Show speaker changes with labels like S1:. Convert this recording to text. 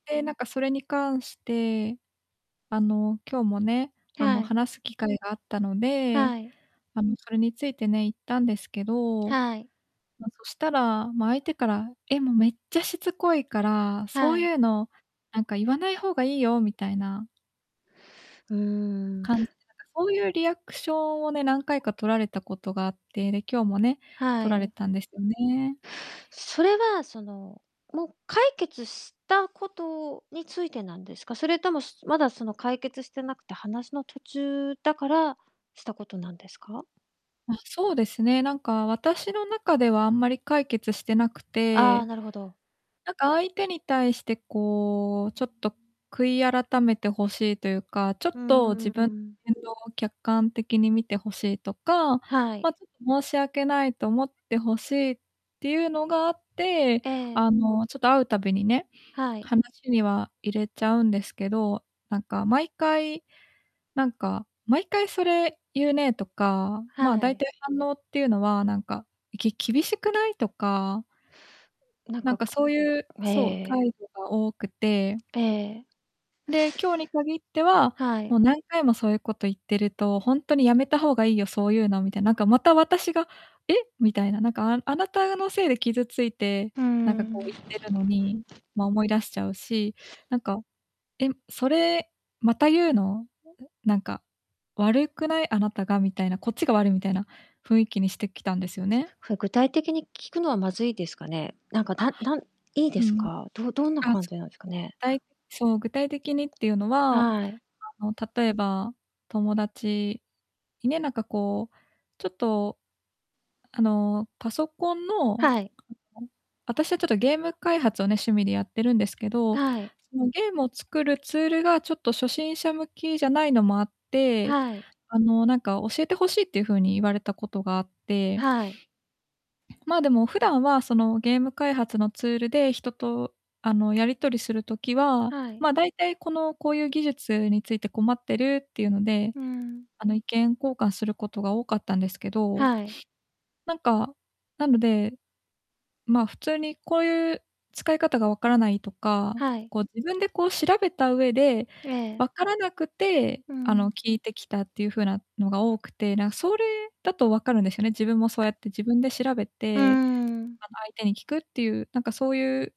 S1: で、なんかそれに関して、あの、今日もね、あの、
S2: はい。
S1: 話す機会があったので、
S2: はい。
S1: あの、それについてね、言ったんですけど、
S2: はい。
S1: ま、そしたら、ま、相手から「え、も、めっちゃしつこいから、そ
S2: は
S1: う
S2: い。
S1: いうの、なんか言わない方がいいよ」みたいな
S2: うーん。
S1: 感じでなんか、そういうリアクションをね、何回かとられたことがあって、で、今日もね、
S2: は
S1: とられ
S2: い。
S1: たんですよね。
S2: それは、その、もう解決したことについてなんですか？それとも、すまだ、その、解決してなくて、話の途中だから、したことなんですか？
S1: あ、そうですね、なんか、私の中ではあんまり解決してなく
S2: ああ、
S1: て。
S2: なるほど。
S1: なんか、相手に対してこう、ちょっと悔い改めて欲しいというか、ちょ
S2: う
S1: っと、
S2: んうん
S1: 自
S2: う
S1: 分の
S2: ん。
S1: 言動を客観的に見て欲しいとか、
S2: はい。
S1: ま、ちょっと申し訳ないと思って欲しいっていうのがあって、
S2: ええ。
S1: あの、ちょっと会うたびにね、
S2: はい。
S1: 話には入れちゃうんですけど、なんか、毎回、なんか「毎回、それ言うね」とか、ま、
S2: は
S1: 大
S2: い。
S1: 体反応っていうのは、なんか「き厳しくない？」とか
S2: なん
S1: な
S2: か、
S1: んか、
S2: く
S1: そういう
S2: ええ
S1: そ
S2: え
S1: う、
S2: え。
S1: 態度が多くて
S2: ええええ。
S1: で、今日に限っては
S2: はい。
S1: 「もう、何回もそういうこと言ってると、ほんとにやめた方がいいよ、そういうの」みたい、なんか、また、私が「え？」みたいな、なんか、ああなたのせいで傷ついて、
S2: ふー
S1: なんか
S2: ん。
S1: こう言ってるのに、ま、思い出しちゃうし、なんか「えん？それまた言うの？ええ、なんか、悪くない？あなたが」みたいな、こっちが悪いみたいな雰囲気にしてきたんですよね。
S2: ふ具体的に聞くのはまずいですかね？なんか、
S1: あ。
S2: ただんいいで
S1: う
S2: す
S1: ん。
S2: か？どどんな
S1: あ、
S2: 感
S1: つ
S2: じなんすかね？
S1: だ
S2: は
S1: いそう、具体的にっていうのは、あ
S2: はい。
S1: の、例えば、友達にね、なんか、こう、ちょっと、あの、パソコンの、
S2: はい。
S1: あの、あたしは、ちょっと、ゲーム開発をね、趣味でやってるんですけど、
S2: はい。
S1: その、ゲームを作るツールが、ちょっと初心者向きじゃないのもあって、
S2: はい。
S1: あの、なんか教えて欲しいっていう風に言われたことがあって
S2: はい。
S1: まあ、でも、普段は、その、ゲーム開発のツールで、人と、あの、やり取りする時は、
S2: はい。
S1: ま、だいたい、この、こういう技術について困ってるっていうので、
S2: うん。
S1: あの、意見交換することが多かったんですけど、
S2: はい。
S1: なんか、なので、ま、普通に、こういう使い方が分からないとか、
S2: はい。
S1: こう、自分で、こう調べた上で、
S2: ええ。
S1: 分からなくて、
S2: う
S1: あの、
S2: ん。
S1: 聞いてきたっていう風なのが多くて、なんそれだとわかるんですよね、自分もそうやって自分で調べ
S2: うー
S1: て、
S2: ん。
S1: あ相手に聞くっていう、なんかそういう